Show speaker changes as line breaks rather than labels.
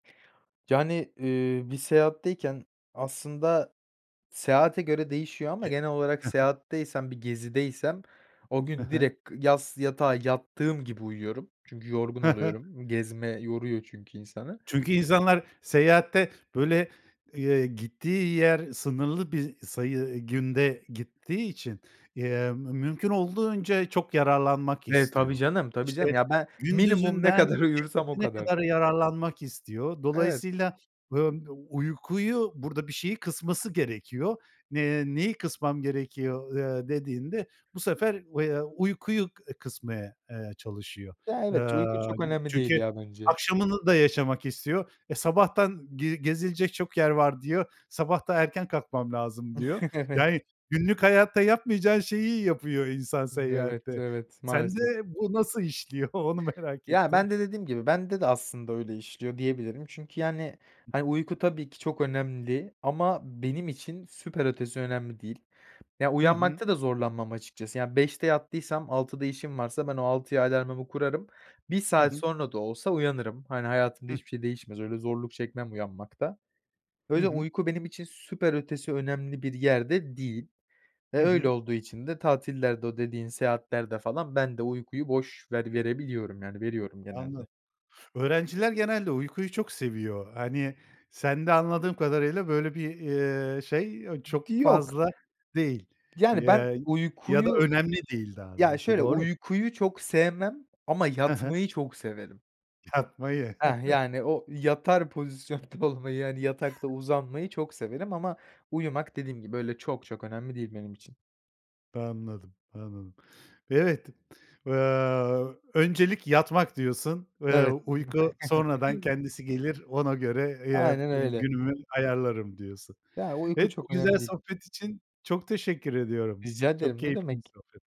Yani, eee, bir seyahatteyken aslında seyahate göre değişiyor ama
Ye
genel olarak
he he.
seyahatteysem, bir gezideysem o
He
gün
he.
direkt yas yatağa yattığım gibi uyuyorum. Çünkü yorgun
He he.
oluyorum. Gezme yoruyor çünkü insanı.
Çünkü insanlar seyahatte böyle, eee, gittiği yer sınırlı bir sayı, ııı, günde gittiği için, emm, mümkün olduğunca çok yararlanmak
Eee, tabii
istiyor.
canım, tabii canım.
İşte
Ya, ben minimum ne
gündüzünden
kadar uyursam o
gecesine
kadar.
kadar yararlanmak istiyor.
Evet.
Dolayısıyla, eee, uykuyu, burada bir şeyi kısması gerekiyor. Eee, "Neyi kısmam gerekiyor?" eee, dediğinde bu sefer, eee, uykuyu e, kısmaya, eee, çalışıyor.
Ya,
Eee,
evet ç uyku çok
yani,
önemli değil
çünkü
ya bence.
akşamını da yaşamak istiyor. E, "Sabahtan ge gezilecek çok yer var." diyor. "Sabah da erken kalkmam lazım." diyor.
Evet.
Yani günlük hayatta yapmayacağın şeyi yapıyor insan
Evet,
seyahatte.
evet
Sende
maalesef.
bu nasıl işliyor onu merak
Ya,
ettim.
ben de dediğim gibi bende de aslında öyle işliyor diyebilirim. Çünkü yani hani uyku tabii ki çok önemli ama benim için süper ötesi önemli değil. Ya,
Hı hı.
uyanmakta da zorlanmam açıkçası. Ya, 05.00'te yattıysam 06.00'da işim varsa ben o 06.00'ya alarmımı kurarım. 1
Hı
saat
hı.
sonra da olsa uyanırım. Hani hayatımda
Hıh.
hiçbir şey değişmez. Öyle zorluk çekmem uyanmakta.
Hı
Öyle
hı.
uyku benim için süper ötesi önemli bir yerde değil. E,
Hı
öyle
hı.
olduğu için de tatillerde, o dediğin seyahatlerde falan ben de uykuyu boş ver verebiliyorum yani veriyorum
Anla
genelde.
Öğrenciler genelde uykuyu çok seviyor. Hani sende anladığım kadarıyla böyle bir, eee, şey, eee,
D
çok
yok.
fazla değil,
Yani ben
eee, ya da
uykuyu
önemli değil daha
Ya,
doğrusu.
şöyle,
Doğru?
uykuyu çok sevmem ama
He he.
yatmayı çok severim.
Yatmayı.
Heh, yani o yatar pozisyonda olmayı, yani yatakta uzanmayı çok severim ama uyumak dediğim gibi böyle çok çok önemli değil benim için.
Anladım, anladım. Evet. Eee, "Öncelik yatmak." diyorsun. Eee,
Evet.
"uyku sonradan
[unintelligible]
kendisi gelir ona göre, eee,
Aynen
b
öyle.
günümü ayarlarım." diyorsun.
Ya, uyku
Evet, bu
çok
güzel
önemli değil.
sohbet için çok teşekkür ediyorum.
Rica
Çok
ederim ne
keyifli bir
demek.
sohbet